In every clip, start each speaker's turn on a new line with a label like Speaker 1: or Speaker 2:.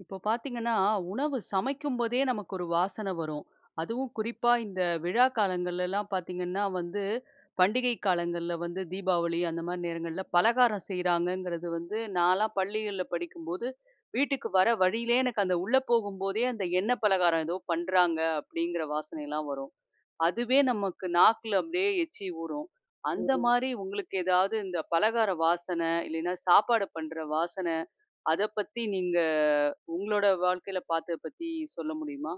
Speaker 1: இப்ப பாத்தீங்கன்னா, உணவு சமைக்கும்போதே, நமக்கு ஒரு வாசனை வரும் அதுவும் குறிப்பா, இந்த விழா காலங்கள்லலாம் பாத்தீங்கன்னா வந்து பண்டிகை காலங்கள்ல வந்து தீபாவளி அந்த மாரி நேரங்கள்ல பலகாரம் செய்கிறாங்கங்கிறது வந்து நான்லாம் பள்ளிகள்ல படிக்கும்போது, வீட்டுக்கு வர வழியிலே எனக்கு அந்த உள்ள போகும் போதே, அந்த எண்ண பலகாரம் ஏதோ பண்ணுறாங்க அப்டிங்கிற
Speaker 2: [unintelligible]
Speaker 1: வாசனையலாம் வரும். அதுவே நமக்கு நாக்ல அப்டியே எச்சி ஊறும். அந்த
Speaker 2: [unintelligible]
Speaker 1: மாரி, உங்களுக்கு ஏதாவது இந்த பலகார வாசன இல்லைனா சாப்பாடு பண்ற வாசன. அத பத்தி நீங்க உங்ளோட வாழ்க்கைல பார்த்த பத்தி சொல்ல முடியுமா?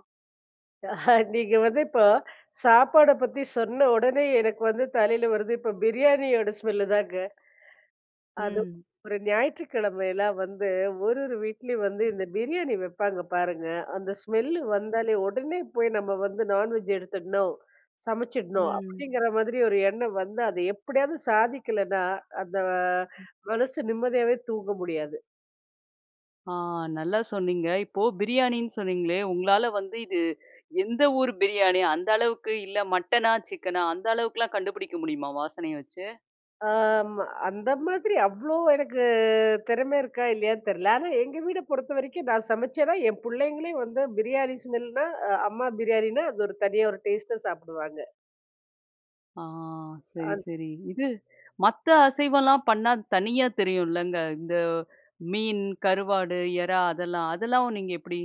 Speaker 2: நீங்க வந்து இப்போ சாப்பாட பத்தி சொன்ன உடனே, எனக்கு வந்து தலையில வரது, இப்போ பிரியாணியோட ஸ்மெல்லுதாங்க அது
Speaker 1: ம்.
Speaker 2: ஒரு ஞாயிற்றுக் கிழமைலாம் வந்து ஒரொரு வீட்லயும் வந்து இந்த பிரியாணி வைப்பாங்க, பாருங்க. அந்த ஸ்மெல்லு வந்தாலே, உடனே போய் நம்ம வந்து நான்வெஜ் எடுத்துடணும். சமைச்சிடணும்.
Speaker 1: ம்.
Speaker 2: அப்டிங்கிற மாதிரி ஒரு எண்ணம் வந்து, அத எப்டியாவது சாதிக்கலன்னா, அந்த
Speaker 1: ம்
Speaker 2: மனசு நிம்மதியாவே தூங்க முடியாது.
Speaker 1: ஆ நல்லா சொன்னீங்க! இப்போ பிரியாணின்னு சொன்னீங்ளே, உங்களால வந்து இது எந்த ஊர் பிரியாணி? அந்த அளவுக்கு இல்ல, மட்டனா? சிக்கனா? அந்த அளவுக்லாம் கண்டுபிடிக்க முடியுமா, வாசனைய வச்சு?
Speaker 2: ஆம்மா அந்த மாதிரி அவ்ளோ எனக்கு திறமை இருக்கா, இல்லையான்னு தெரில. ஆனா எங்க வீட பொறுத்த வரைக்கும் நான் சமைச்சேன்னா என் புள்ளைங்களே வந்து பிரியாணி ஸ்மெல்னா அம்மா பிரியாணினா அது ஒரு தனியா ஒரு டேஸ்ட்டா சாப்பிடுவாங்க.
Speaker 1: ஆ, சரி,
Speaker 2: அந்.
Speaker 1: சரி. இது மத்த அசைவம்லாம் பண்ணா தனியா தெரியுல்லங்க? இந்த மீன், கருவாடு, எறா அதெல்லாம் அதெல்லாம் நீங்க எப்படி?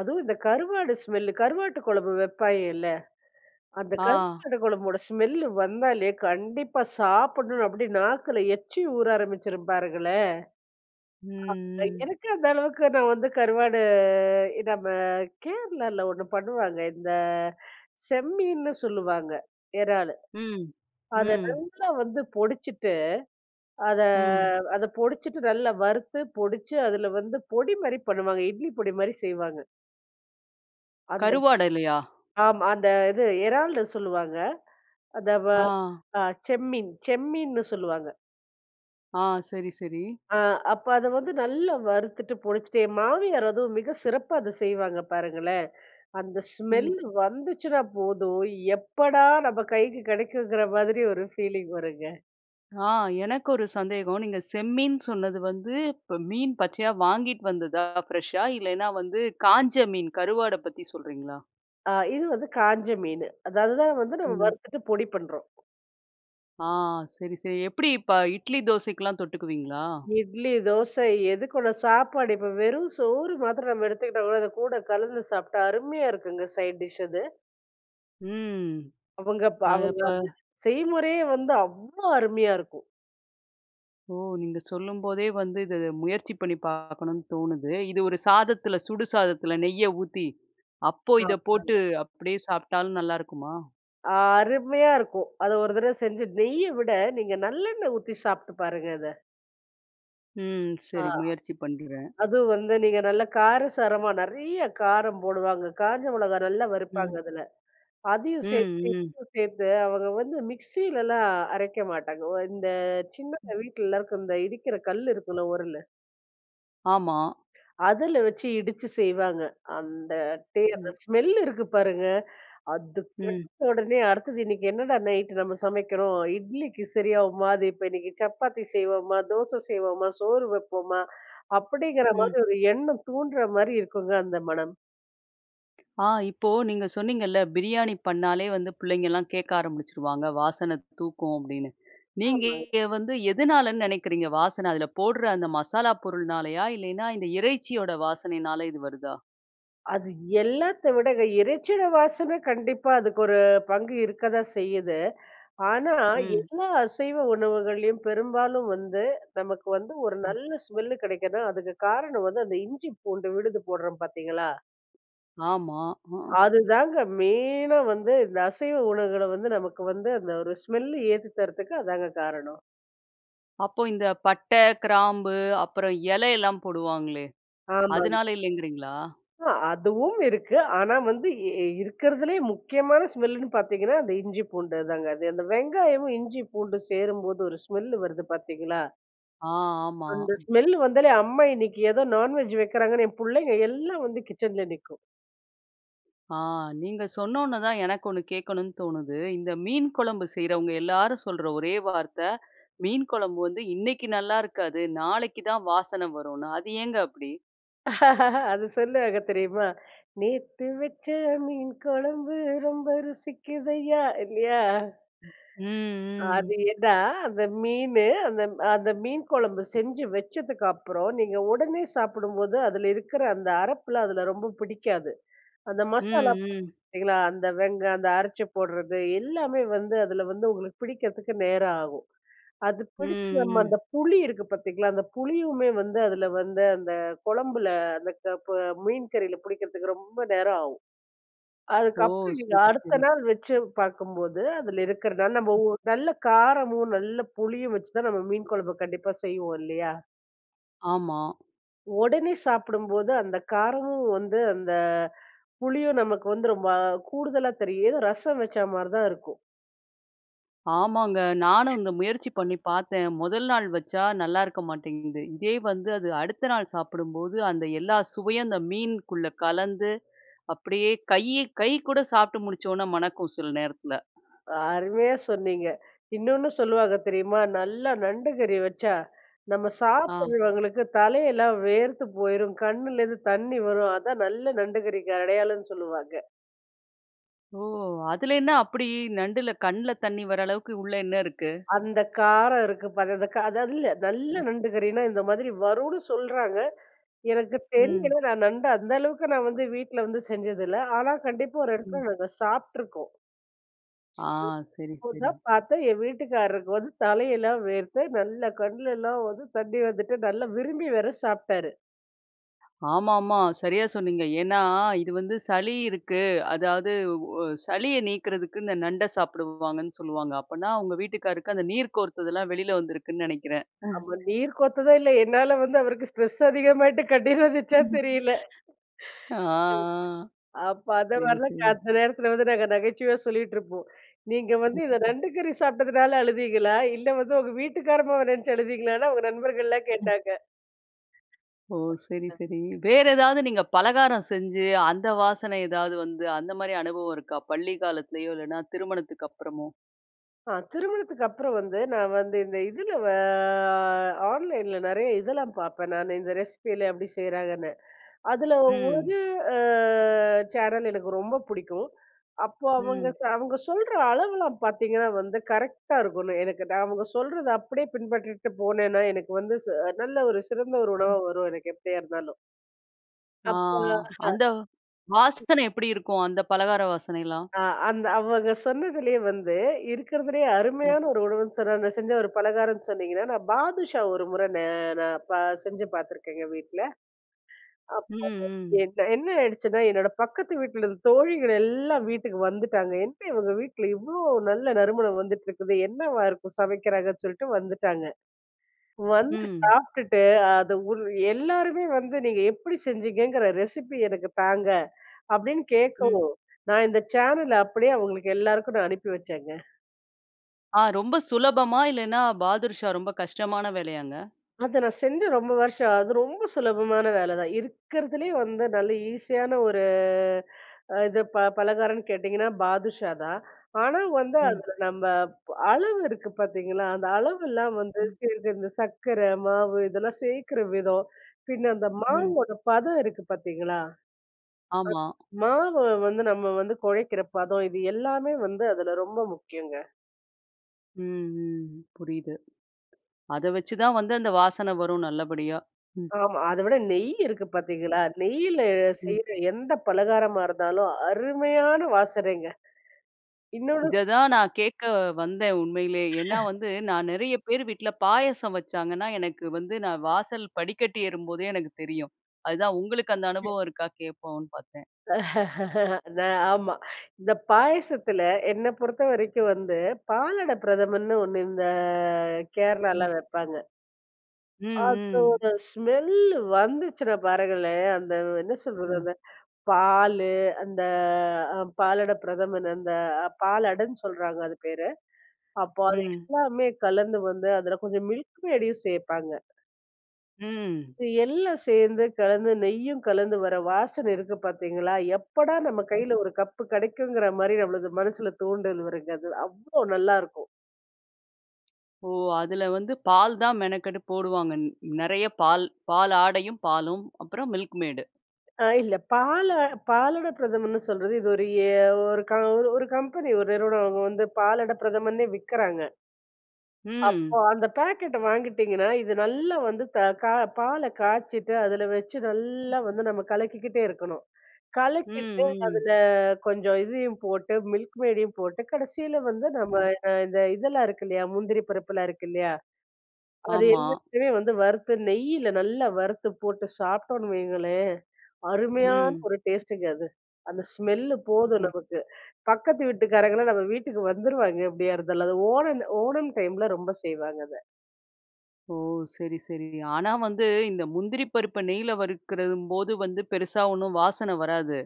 Speaker 2: அதுவும் இந்த கருவாடு ஸ்மெல்லு. கருவாட்டு கொழம்பு வைப்பாய்ங்கல்ல, அந்த
Speaker 1: ஆ.
Speaker 2: கருவாடு கொழம்போட ஸ்மெல்லு வந்தாலே கண்டிப்பா சாப்பிடணுன்னு அப்படி நாக்குல எச்சி ஊற ஆரம்பிச்சுரும் பாருங்களேன்.
Speaker 1: ம்.
Speaker 2: அ
Speaker 1: ம்.
Speaker 2: எனக்கு அந்த அளவுக்கு நான் வந்து கருவாடு நம்ப கேரளால ஒண்ணு பண்ணுவாங்க. இந்த செம்மீன்னு சொல்லுவாங்க, எறாலு.
Speaker 1: ம்.
Speaker 2: அத
Speaker 1: ம்.
Speaker 2: நல்லா வந்து பொடிச்சுட்டு அத
Speaker 1: ம்.
Speaker 2: அத பொடிச்சுட்டு நல்லா வறுத்து பொடிச்சு அதுல வந்து பொடி மாரி பண்ணுவாங்க. இட்லி பொடி மாரி செய்வாங்க. அந்த
Speaker 1: கருவாடுலையா?
Speaker 2: ஆமா. அந்த இது எறால்ன்னு சொல்லுவாங்க. அந்த வ
Speaker 1: ஆ.
Speaker 2: அ செம்மீன் செம்மீன்னு சொல்லுவாங்க.
Speaker 1: ஆ. சரி, சரி.
Speaker 2: அ, அப்ப அத வந்து நல்லா வறுத்துட்டு, பொடுச்சிட்டு, என் மாமியார் அதுவும் மிக சிறப்பா அத செய்வாங்க பாருங்களேன். அந்த
Speaker 1: ம்.
Speaker 2: ஸ்மெல்லு வந்துச்சுன்னா போதும், எப்படா நம்ம கைக்கு கிடைக்குங்கிற மாதிரி ஒரு ஃபீலிங் வருங்க.
Speaker 1: ஆ எனக்கு 1 சந்தேகம். நீங்க செம்மீன் சொன்னது வந்து, இப்போ மீன் பச்சையா வாங்கிட்டு வந்ததா ஃப்ரெஷ்ஷா, இல்லயின்னா வந்து காஞ்ச மீன் கருவாட பத்தி சொல்றீங்களா?
Speaker 2: ஆ, இது வந்து காஞ்ச மீனு. அத அது தான் வந்து நம்ம
Speaker 1: ம்.
Speaker 2: வறுத்துட்டு பொடி பண்றோம்.
Speaker 1: ஆ. சரி, சரி, எப்பிடி இப்ப இட்லி தோசைக்கலாம் தொட்டுக்குவீங்களா?
Speaker 2: இட்லி, தோசை, எதுக்கூட சாப்பாடு, இப்போ வெறும் சோறு மாத்திரம் நம்ம எடுத்துக்கிட்டம்ன்னா, இத கூட கலந்து சாப்பிட்டா அருமையா இருக்குங்க. சைட் டிஷ் அது.
Speaker 1: ம்
Speaker 2: அவுங்க ப
Speaker 1: அது
Speaker 2: அவுங்க
Speaker 1: அப்ப?
Speaker 2: அது செய்முறையே வந்து அவ்வளவு அருமையா இருக்கும்
Speaker 1: ஓ! நீங்க சொல்லும்போதே வந்து, இத முயற்சி பண்ணி பாக்கணும்னு தோணுது இது ஒரு சாதத்துல, சுடு சாதத்தில நெய்ய ஊத்தி, அப்போ இத போட்டு,
Speaker 2: ஆமாங்க.
Speaker 1: அப்பிடியே சாப்பிட்டாலும் நல்லாருக்குமா?
Speaker 2: அருமையா இருக்கும். அதை 1 தடவ செஞ்சு, நெய்ய விட, நீங்க நல்லெண்ணெய் ஊத்தி சாப்ட்டு பாருங்க அத.
Speaker 1: ம்.
Speaker 2: ஆ
Speaker 1: சரி, முயற்சி பண்றேன்.
Speaker 2: அது வந்து, நீங்க நல்ல காரசாரமா, நிறைய காரம் போடுவாங்க. காஞ்ச மிளகாய் நல்லா வறுப்பாங்க
Speaker 1: ம்.
Speaker 2: அதுல. அதயும்
Speaker 1: ம்,
Speaker 2: சேர்த்து
Speaker 1: ம்.
Speaker 2: இதயும் சேர்த்து அவங்க வந்து, மிக்சிலலாம் அரைக்க மாட்டாங்க. வ இந்த சின்னதா, வீட்லலாருக்கும் இந்த இடிக்கிற கல் இருக்கும்ல உரல்.
Speaker 1: ஆமா.
Speaker 2: அதில வச்சு இடிச்சு செய்வாங்க. அந்த டே
Speaker 1: ம்.
Speaker 2: ஸ்மெல் இருக்கு பாருங்க. அது பட்ட
Speaker 1: ம்.
Speaker 2: உடனே அடுத்தது இன்னைக்கு என்னடா நைட்டு நம்ம சமைக்கிறோம். இட்லிக்கு சரியாவுமா அது? இப்போ இன்னைக்கு சப்பாத்தி செய்வோமா? தோசை செய்வோமா? சோறு வப்போமா? அப்படிங்கிற
Speaker 1: ம்.
Speaker 2: மாதிரி ஒரு எண்ணம் தூண்டுகிற மாரி இருக்குங்க, அந்த மணம்!
Speaker 1: ஆ. இப்போ நீங்க சொன்னீங்கல்ல, பிரியாணி பண்ணாலே வந்து பிள்ளைங்கலாம் கேட்க ஆரம்பிச்சுருவாங்க. வாசன தூக்கும் அப்படின்னு. நீங்க
Speaker 2: ஆமாங்க.
Speaker 1: வந்து எதனாலன்னு நினைக்கிறீங்க? வாசன அதில போடுற அந்த மசாலா பொருள்னாலயா? இல்லைனா, இந்த இறைச்சியோட வாசனைனால இது வருதா?
Speaker 2: அது எல்லாத்த விட இறைச்சியோட வாசன கண்டிப்பா அதுக்கு ஒரு பங்கு இருக்க தான் செய்யுது. ஆனா,
Speaker 1: ம்.
Speaker 2: எல்லா அசைவ உணவுகள்ளையும், பெரும்பாலும் வந்து, நமக்கு வந்து, ஒரு
Speaker 1: ம்.
Speaker 2: நல்ல ஸ்மெல்லு கிடைக்குதுன்னா, அதுக்கு காரணம் வந்து, அந்த இஞ்சி பூண்டு விழுது போடுறோம் பார்த்தீங்களா
Speaker 1: ஆமா. அ.
Speaker 2: அதுதாங்க மெயினா வந்து இந்த அசைவ உணவுகள வந்து நமக்கு வந்து அந்த ஒரு ஸ்மெல்லு ஏத்தி தரத்துக்கு அதாங்க காரணம்.
Speaker 1: அப்போ இந்த பட்ட, கிராம்பு அப்புறம் இலை எல்லாம் போடுவாங்களே,
Speaker 2: ஆமாங்க.
Speaker 1: அதனால இல்லங்கிறீங்களா?
Speaker 2: ஆ. அதுவும் இருக்கு. ஆனா வந்து இ இருக்கிறதுலே முக்கியமான ஸ்மெல் லுன்னு பார்த்தீங்கன்னா, அந்த இஞ்சி பூண்டு அதாங்க. அது அந்த வெங்காயமும், இஞ்சி பூண்டு சேரும்போது ஒரு ஸ்மெல் வருது பார்த்தீங்களா?
Speaker 1: ஆ. ஆமா.
Speaker 2: அந்த ஸ்மெல் வந்தாலே அம்மா இன்னைக்கி ஏதோ நான்வெஜ் வைக்கிறாங்கன்னு என் புள்ளைங்க எல்லாம் வந்து கிச்சன்ல நிக்கும்.
Speaker 1: ஆ. நீங்க சொன்னோன தான் எனக்கு 1 கேட்கணும்னு தோணுது. இந்த மீன் குழம்பு செய்றவங்க எல்லாரும் சொல்ற ஒரே வார்த்தை. மீன் குழம்பு வந்து இன்னக்கி நல்லாயிருக்காது, நாளைக்கு தான் வாசன வரும்னு அது ஏங்க அப்பிடி?
Speaker 2: அது சொல்லுவாங்க தெரியுமா? நேத்து வச்ச மீன் கொழம்பு ரொம்ப ருசிக்குதைய்யா இல்லயா?
Speaker 1: ம்,
Speaker 2: அது
Speaker 1: ம்.
Speaker 2: ஏன்னா அந்த மீனு அந்த அந்த மீன் கொழம்பு செஞ்சு வச்சதுக்கு அப்பறம் நீங்க ஒடனே சாப்பிடும்போது அதில இருக்கிற அந்த அரப்புலாம் அதில ரொம்ப புடிக்காது. அந்த மசாலா
Speaker 1: ம், ம்.
Speaker 2: பார்த்தீங்களா, அந்த வெங் அந்த அரச்சி போடுறது எல்லாமே வந்து அதில வந்து உங்களுக்கு பிடிக்கிறதுக்கு நேரம் ஆகும். அது பிடிச்சி
Speaker 1: ம்,
Speaker 2: நம்ம
Speaker 1: ம்.
Speaker 2: அந்த புளி இருக்கு பார்த்தீங்களா, அந்த புளியுமே வந்து அதில வந்து அந்த கொழம்பில அந்த க ப மீன் கறில பிடிக்கிறதுக்கு ரொம்ப நேரம் ஆகும்.
Speaker 1: ஓ!
Speaker 2: அதுக்கப்பறம் நீங்க
Speaker 1: சரி,
Speaker 2: அடுத்த
Speaker 1: சரி.
Speaker 2: நாள் வச்சு பார்க்கும்போது அதில இருக்கிறதுன்னா, நம்ம ஊ நல்ல காரமும், நல்ல புளியும் வச்சு தான் நம்ம மீன் கொழம்பு கண்டிப்பா செய்வோம் இல்லையா?
Speaker 1: ஆமா.
Speaker 2: உடனே சாப்பிடும்போது, அந்த காரமும் வந்து அந்த புளியும் நமக்கு வந்து, ரொம்ப கூடுதலா தெரியும். ரசம் வச்சா மாரி தான் இருக்கும்.
Speaker 1: ஆமாங்க. நானும் இந்த முயற்சி பண்ணி பாத்தேன். முதல் நாள் வச்சா நல்லா இருக்க மாட்டேங்குது. இதே வந்து, அது அடுத்த நாள் சாப்பிடும்போது அந்த எல்லா சுவையும் அந்த மீன்க்குள்ள கலந்து, அப்படியே கை கை கூட சாப்ட்டு முடிச்சோன்ன மணக்கும், சில நேரத்தில!
Speaker 2: அருமையா சொன்னீங்க! இன்னொண்ணு சொல்லுவாங்க தெரியுமா? நல்லா நண்டு கறி வச்சா, நம்ம
Speaker 1: ஆ.
Speaker 2: சாப்பிடுறவங்களுக்கு தலையெல்லாம் வேர்த்து போயிரும். கண்ணுலேருந்து தண்ணி வரும். அதான் நல்ல நண்டு கறிக்கு அடையாளன்னு சொல்லுவாங்க.
Speaker 1: ஓ! அதுல என்ன அப்புடி, நண்டுல கண்ல தண்ணி வர அளவுக்கு உள்ள என்ன இருக்கு?
Speaker 2: அந்த காரம் இருக்கு பாருங்க அந்த அது அல்ல. நல்ல
Speaker 1: ம்.
Speaker 2: நண்டு கறின்னா, இந்த மாதிரி வரும்னு சொல்றாங்க. எனக்கு
Speaker 1: ம்.
Speaker 2: தெரியல. நான் நண்டு அந்த அளவுக்கு நான் வந்து வீட்ல வந்து செஞ்சது இல்ல. ஆனா, கண்டிப்பா ஒரு எடத்ல
Speaker 1: ம்.
Speaker 2: நாங்க சாப்ட்டுருக்கோம்.
Speaker 1: ஆ.
Speaker 2: [unintelligible]
Speaker 1: சரி
Speaker 2: அப்போ
Speaker 1: சரி.
Speaker 2: தான் பார்த்தேன் என் வீட்டுக்காரருக்கு வந்து தலையெல்லாம் வேர்த்து நல்லா கண்ணுலலாம் வந்து தண்ணி வந்துட்டு நல்லா விரும்பி வேற சாப்ட்டாரு.
Speaker 1: ஆமாமா, சரியா சொன்னீங்க. ஏன்னா, இது வந்து சளி இருக்கு. அதாவது, வொ சளிய நீக்குறதுக்கு இந்த நண்ட சாப்பிடுவாங்கன்னு சொல்லுவாங்க. அப்பனா, உங்க வீட்டுக்காரருக்கு அந்த நீர் கோர்த்ததுலாம் வெளில வந்திருக்குன்னு நினைக்கிறேன்.
Speaker 2: ஆமா, நீர் கொர்த்ததோ இல்ல. என்னால வந்து அவருக்கு ஸ்ட்ரெஸ் அதிகமாயிட்டு கண்ணீர் வந்துச்சா தெரியல.
Speaker 1: ஆ
Speaker 2: ம். அப்ப
Speaker 1: சரி,
Speaker 2: அதுவரையுலும் க
Speaker 1: சரி.
Speaker 2: அந்த நேரத்துல வந்து நாங்க நகைச்சுவையா சொல்லிட்டுருப்போம். நீங்க வந்து இந்த
Speaker 1: ம்.
Speaker 2: நண்டுக்கறி சாப்பிட்டதுனால, அழுதீங்களா? இல்ல வந்து உங்க வீட்டுக்காரம்மாவ நினச்சு அழுதீங்களான்னா? அவுங்க நண்பர்கள்லாம்
Speaker 1: ம்.
Speaker 2: கேட்டாங்க.
Speaker 1: ஓ! சரி,
Speaker 2: அ.
Speaker 1: சரி. வேற எதாவது நீங்க பலகாரம் செஞ்சு, அந்த வாசனை எதாவது வந்து, அந்தமாரி அனுபவம் இருக்கா? பள்ளி காலத்திலேயோ! இல்லன்னா, திருமணத்துக்கப்புறமோ?
Speaker 2: ஆ திருமணத்துக்கப்பறம் வந்து, நான் வந்து இந்த இதுல வ அ ஆன்லைன்ல நிறைய இதெல்லாம் பார்ப்பேன் நானு. இந்த ரெசிப்பிலாம் எப்பிடி செய்கிறாங்கன்னு. அதுல
Speaker 1: ம்.
Speaker 2: ஒரு அ சேனல் எனக்கு ரொம்ப பிடிக்கும். அப்போ அவுங்க,
Speaker 1: ம்.
Speaker 2: அ அவங்க சொல்ற அளவெல்லாம் பார்த்தீங்கன்னா வந்து, கரெக்ட்டா இருக்கும். எனக்கு தா நான் அவுங்க சொல்றத அப்பிடியே பின்பற்றிட்டு போனேன்னா, எனக்கு வந்து ச அ நல்ல ஒரு சிறந்த ஒரு
Speaker 1: ம்.
Speaker 2: உணவா வரும் எனக்கு எப்பிடியா இருந்தாலும்.
Speaker 1: ஆ அந்தவ்
Speaker 2: [unintelligible]
Speaker 1: வாசனை எப்பிடி இருக்கும். அந்த பலகார வாசனையல்லாம்?
Speaker 2: அ அந்த அவங்க சொன்னதிலயே வந்து இருக்கிறதுலயே
Speaker 1: ம்.
Speaker 2: அருமையான 1 உணவுன்னு சொன்ன அந்த செஞ்ச 1 பலகாரனனு சொன்னீங்கன்னா, நான் பாதுஷா 1 முறை நே நான் பா செஞ்சு பார்த்துருக்கேங்க வீட்ல. அப்போ
Speaker 1: ம்,
Speaker 2: [unintelligible]
Speaker 1: ம்.
Speaker 2: என் எ்னன ஆயிடுச்சுன்னா, என்னோட பக்கத்து வீட்டில தோழிகள் எல்லாம் வீட்டுக்கு வந்துட்டாங்க. "என்ன? இவுங்க வீட்ல இவ்ளோ நல்ல நறுமணம் வந்துட்டு இருக்குது. என்னவா இருக்கும். சமைக்கிறாங்க." சொல்லிட்டு வந்துட்டாங்க. வந்து
Speaker 1: ம்.
Speaker 2: சாப்டுட்டு அது ஒரு எல்லாருமே வந்து, நீங்க எப்பிடி செஞ்சிங்கங்கற ரெசப்பி எனக்கு தாங்க. அப்பிடின்னு
Speaker 1: ம்.
Speaker 2: கேட்கவும், நான் இந்த சேனல, அப்பிடியே அவுங்களுக்கு எல்லாருக்கும் நான் அனுப்பி வச்சேங்க!
Speaker 1: ஆ ரொம்ப சுலபமா? இல்லன்னா பாதுர்ஷா ரொம்ப கஷ்டமான வேலையாங்க?
Speaker 2: அது நான் செஞ்சு ரொம்ப வருஷம் ஆவுது. அது ரொம்ப சுலபமான வேலதான். இருக்கிறதுலயே வந்து, நல்ல ஈஸியான ஒரு அ இது ப பலகாரம்னு கேட்டீங்கன்னா பாதுஷா தான். ஆனா, வந்து
Speaker 1: ம்.
Speaker 2: அதுல நம்ம அளவு இருக்கு பார்த்தீங்களா? அந்த அளவெல்லாம் வந்து
Speaker 1: ம்.
Speaker 2: சேர்ந்து இந்த சர்க்கர, மாவு, இதெல்லாம் சேர்க்கிற விதம். பின்ன அந்த
Speaker 1: ம்.
Speaker 2: மாவோட பதம் இருக்கு பார்த்தீங்களா?
Speaker 1: ஆமா.
Speaker 2: [unintelligible] மாவு வந்து நம்ம வந்து குழைக்கிற பதம் இது எல்லாமே வந்து அதுல ரொம்ப முக்கியங்க!
Speaker 1: ம் ம் ம். புரியுது. அத வச்சுதான் வந்து அந்த வாசனை வரும் நல்லபடியா. ம்.
Speaker 2: ஆமா. அதை விட நெய் இருக்கு பார்த்தீங்களா, நெய்யில
Speaker 1: ம்.
Speaker 2: செய்யிற எந்த பலகாரமா இருந்தாலும், அருமையான வாசனைங்க. இன்னொன்னு
Speaker 1: இத தான் நான் கேக்க வந்தேன் உண்மையிலே. ஏன்னா வந்து நான் நெறைய பேர் வீட்ல பாயாசம் வச்சாங்கன்னா, எனக்கு வந்து நான் வாசல் படிக்கட்டு ஏறும்போதே எனக்கு தெரியும். அதுதான் உங்களுக்கு அந்த
Speaker 2: [unintelligible]
Speaker 1: அனுபவம் இருக்கா? கேப்போம்ன்னு பார்த்தேன்!
Speaker 2: நான், ஆமா. இந்த பாயசத்துல என்னை பொறுத்தவரைக்கும் வந்து, பாலடை பிரதமன்னு ஒண்ணு. இந்த கேரளால
Speaker 1: ம்.
Speaker 2: வைப்பாங்க.
Speaker 1: ம் ம்.
Speaker 2: அதோட ஸ்மெல்லு வந்துச்சுனா பாருங்களேன், அந்த என்ன சொல்றது,
Speaker 1: ம்.
Speaker 2: அந்த பாலு அந்த அ பாலடை பிரதமன் அந்த அ பாலடன்னு சொல்றாங்க அது பேரு. அப்போ அது
Speaker 1: ம்.
Speaker 2: எல்லாமே கலந்து வந்து அதுல கொஞ்சம் மில்க் மேடயும் சேப்பாங்க.
Speaker 1: ம்.
Speaker 2: இது எல்லாம் சேர்ந்து கலந்து, நெய்யும் கலந்து, வர வாசனை இருக்கு பார்த்தீங்களா, எப்படா நம்ம
Speaker 1: ம் ம்.
Speaker 2: கையில ஒரு கப்பு கிடைக்குங்கிற மாதிரி, நம்மளுக்கு மனசுல தூண்டல் வருங்க அது அவ்வளோ நல்லாருக்கும்!
Speaker 1: ஓ! அதுல வந்து பால் தான் மெனக்கெட்டு போடுவாங்க. ந நிறைய பால், பால் ஆடையும், பாலும், அப்புறம் மில்க் மேய்டு.
Speaker 2: ஆ, இல்ல. பால பாலடைபிரதமன்னு சொல்றது. இது ஒரு ஏ ஒரு க ஒரு ஒரு ஒரு கம்பெனி ஒரு நிறுவனம் அவுங்க வந்து பாலடைபிரதமன்னே விற்கறாங்க. அப்போ,
Speaker 1: ம்.
Speaker 2: அந்த பேக்கெட்டு வாங்கிட்டீங்கன்னா. இது நல்லா வந்து த க பால காய்ச்சிட்டு, அதில வச்சு
Speaker 1: ம்.
Speaker 2: நல்ல வந்து நம்ம கலக்கிக்கிட்டே இருக்கணும்.
Speaker 1: ம்,
Speaker 2: கலக்கிட்டு
Speaker 1: ம்.
Speaker 2: அதில கொஞ்ச இதையும் போட்டு, milkmaidடையும் போட்டு, கடைசில வந்து, நம்ம
Speaker 1: ம்.
Speaker 2: இந்த இதெல்லாம் இருக்கு, இல்லையா, முந்திரி பருப்பெலாம் இருக்கு, இல்லையா, அது
Speaker 1: ஆமா.
Speaker 2: எல்லாத்தையும் வந்து வறுத்து, நெய்ல நல்லா வறுத்து போட்டு சாப்பிட்டோம்ன்னு வைங்களேன். அருமையான
Speaker 1: ம்.
Speaker 2: ஒரு டேஸ்ட்டுங்க அது. அந்த ஸ்மெல்லு போதும்
Speaker 1: ம்.
Speaker 2: நமக்கு. பக்கத்து வீட்டுக்காரங்கலாம் நம்ம வீட்டுக்கு வந்துருவாங்க எப்டியாருந்தாலும். அது ஓணம் ஓணம் டைமில ரொம்ப செய்வாங்க அத.
Speaker 1: ஓ! சரி, சரி. ஆனா வந்து இந்த முந்திரி பருப்ப நெய்ல வறுக்கறம்போது வந்து பெருசா ஒண்ணும் வாசன வராது.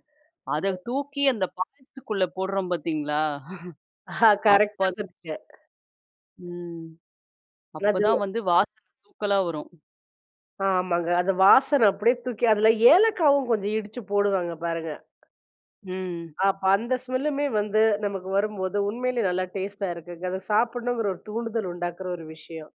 Speaker 1: அத தூக்கி அந்த பாயசத்துக்குள்ள போடுறோம், பாத்தீங்களா? அப்ப
Speaker 2: கரெக்ட்டா
Speaker 1: [unintelligible]
Speaker 2: சொன்னீங்க.
Speaker 1: ம். அப்ப தான்
Speaker 2: [unintelligible]
Speaker 1: வந்து வாசன தூக்கலா வரும்.
Speaker 2: அ, ஆமாங்க. அது வாசன அப்படியே தூக்கி அதுல ஏலக்காவும் கொஞ்சம் இடிச்சு போடுவாங்க பாருங்க.
Speaker 1: ம்.
Speaker 2: அப்ப அந்த ஸ்மெல்லுமே வந்து, நமக்கு வரும்போது உண்மையிலே நல்லா டேஸ்ட்டா இருக்குங்க! அதை சாப்பிடணுங்கிற ஒரு தூண்டுதல் உண்டாக்கிற ஒரு விஷயம்.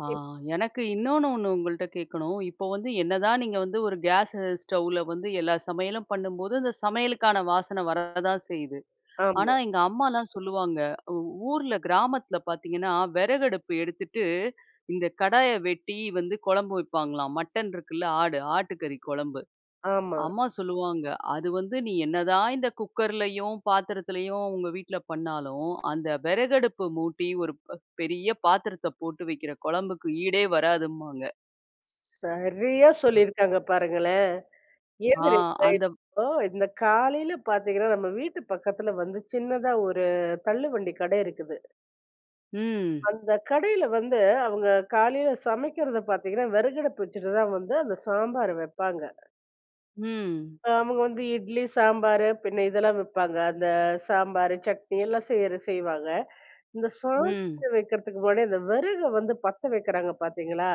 Speaker 1: ஆ.
Speaker 2: இப்
Speaker 1: எனக்கு இன்னொன்னு 1 உங்கள்ட்ட கேக்கணும். இப்போ வந்து என்னதான் நீங்க வந்து, ஒரு கேஸு ஸ்டவ்வில வந்து எல்லா சமையலும் பண்ணும்போது, இந்த சமையலுக்கான வாசன வரதான் செய்யுது. ஆனா
Speaker 2: ஆமா.
Speaker 1: எங்க அம்மாலாம் சொல்லுவாங்க, ஊ ஊர்ல கிராமத்துல பாத்தீங்கன்னா வெறகடுப்பு எடுத்துட்டு, இந்த கடாய வெட்டி வந்து கொழம்பு வைப்பாங்களாம். மட்டன் இருக்குல்ல ஆடு ஆட்டுக்கறி கொழம்பு.
Speaker 2: ஆமா.
Speaker 1: அம்மா சொல்லுவாங்க, அது வந்து நீ என்ன தான் இந்த குக்கர்லயும் பாத்திரத்திலயும் உங்க வீட்ல பண்ணாலும், அந்த வெறகடுப்பு மூட்டி ஒரு ப் பெரிய பாத்திரத்த போட்டு வைக்கிற கொழம்புக்கு ஈடே வராதும்பாங்க.
Speaker 2: சரியா சொல்லிருக்காங்க பாருங்களேன்.
Speaker 1: ஆ.
Speaker 2: எது
Speaker 1: அந்த
Speaker 2: இப்போ இந்த காலையில பார்த்தீங்கன்னா நம்ம வீட்டு பக்கத்துல வந்து சின்னதா ஒரு தள்ளுவண்டி கடை இருக்குது.
Speaker 1: ம்.
Speaker 2: அந்த கடையில வந்து, அவுங்க காலையில சமைக்கிறத பாத்தீங்கன்னா, வெறகடுப்பு வச்சுட்டு தான் வந்து, அந்த சாம்பார வெப்பாங்க.
Speaker 1: ம்.
Speaker 2: அ அவுங்க வந்து இட்லி, சாம்பாரு பின்ன இதெல்லாம் வப்பாங்க. அந்த சாம்பாரு, சட்னி எல்லாம் செய்யிற செய்வாங்க. இந்த
Speaker 1: ம்.
Speaker 2: சாதம் வைக்கிறதுக்கு முன்னாடி, அந்த விறக வந்து பத்த வைக்கிறாங்க பார்த்தீங்களா?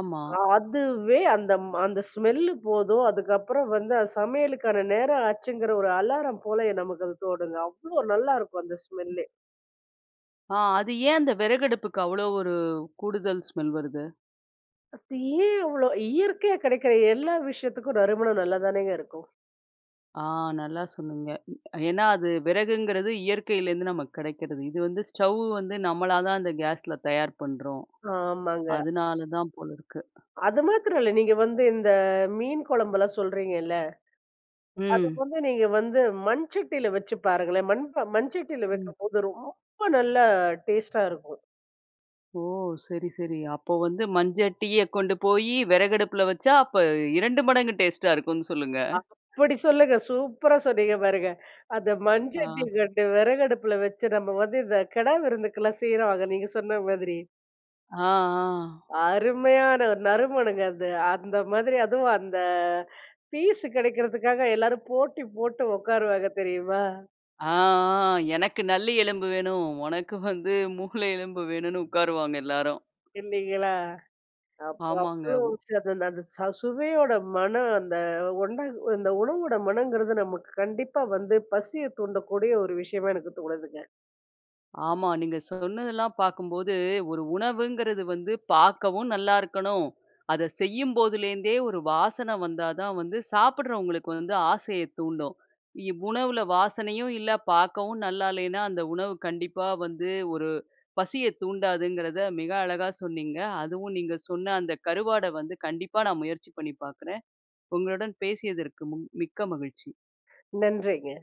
Speaker 1: ஆமா.
Speaker 2: அ அதுவே அந்தம் அந்த ஸ்மெல்லு போதும். அதுக்கப்புறம் வந்து அது சமையலுக்கான நேரம் ஆச்சுங்கிற ஒரு அலாரம் போலயே நமக்கு அது தோணுது. அவ்ளோ நல்லாயிருக்கும் அந்த ஸ்மெல்லே!
Speaker 1: ஆ. அது ஏன் அந்த விறகடுப்புக்கு அவ்ளோ ஒரு கூடுதல் ஸ்மெல் வருது?
Speaker 2: அது ஏன் அவ்ளோ இயற்கையா கிடைக்கிற எல்லா விஷயத்துக்கும் நறுமணம் நல்லாதானேங்க இருக்கும்.
Speaker 1: ஆ, நல்லா சொன்னீங்க. ம். ஏன்னா, அது விறகுங்கிறது இயற்கையிலேருந்து நமக்கு கிடைக்கிறது. இது வந்து ஸ்டவ் வந்து நம்மளா தான் அந்த கேஸ்ல தயார் பண்றோம்.
Speaker 2: ஆமாங்க.
Speaker 1: அதனாலதான் போல இருக்கு.
Speaker 2: அது மாத்திரம் இல்ல. நீங்க வந்து இந்த மீன் குழம்புல்லாம் சொல்கிறீங்கல்ல. அது
Speaker 1: ம்.
Speaker 2: வந்து நீங்க வந்து மண் சட்டில வச்சு பாருங்களேன். மண்பா மண் சட்டில
Speaker 1: ம்.
Speaker 2: வைக்கும்போது, ரொம்ப நல்லா டேஸ்ட்டா இருக்கும்.
Speaker 1: ஓ! சரி, சரி அப்போ வந்து மஞ்சட்டிய கொண்டு போயி விறகடுப்புல வச்சா, அப்ப 2 மடங்கு டேஸ்ட்டா இருக்குன்னு சொல்லுங்க.
Speaker 2: அப்பிடி சொல்லுங்க. சூப்பரா சொன்னீங்க பாருங்க. அந்த மண்
Speaker 1: ஆ.
Speaker 2: சட்டி கண்டு விறகடுப்பில வச்சு நம்ம வந்து இந்த கிடா விருந்துக்கலாம் செய்வாங்க. நீங்க சொன்ன மாதிரி.
Speaker 1: ஆ, ஆ.
Speaker 2: அருமையான ஒரு நறுமணங்க அது. அந்த மாதிரி அதுவும் அந்த பீஸு கிடைக்கிறதுக்காக, எல்லாரும் போட்டி போட்டு உட்காருவாங்க தெரியுமா?
Speaker 1: ஆ, ஆ. எனக்கு நல்லி எலும்பு வேணும். உனக்கு வந்து மூளை எலும்பு வேணுனு உட்காருவாங்க எல்லாரும்.
Speaker 2: இல்லீங்களா! அப்போ
Speaker 1: ஆமாங்க.
Speaker 2: அவ்ளோ
Speaker 1: உ
Speaker 2: ச அந்த அந்த ச சுவையோட மனம் அந்த ஒண்டாங்க இந்த உணவோட மனங்கிறது நமக்கு கண்டிப்பா வந்து பசிய தூண்டக்கூடிய ஒரு விஷயமா எனக்கு தோணுதுங்க.
Speaker 1: ஆமா. நீங்க சொன்னதெல்லாம் பார்க்கும்போது, ஒரு உணவுங்கிறது வந்து பார்க்கவும் நல்லாயிருக்கணும். அத செய்யும்போதுலேருந்தே ஒரு வாசன வந்தாதான் வந்து சாப்பிடுறவங்களுக்கு வந்து ஆசைய தூண்டும். இவ் உணவுல வாசனையும் இல்ல, பார்க்கவும் நல்லா இல்லேன்னா, அந்த உணவு கண்டிப்பா வந்து ஒரு பசியத் தூண்டாதுங்கிறத மிக அழகா சொன்னீங்க. அதுவும் நீங்க சொன்ன அந்த கருவாட வந்து கண்டிப்பா நான் முயற்சி பண்ணி பார்க்குறேன். உங்களுடன் பேசியதற்கு முன் மிக்க மகிழ்ச்சி.
Speaker 2: நன்றிங்க.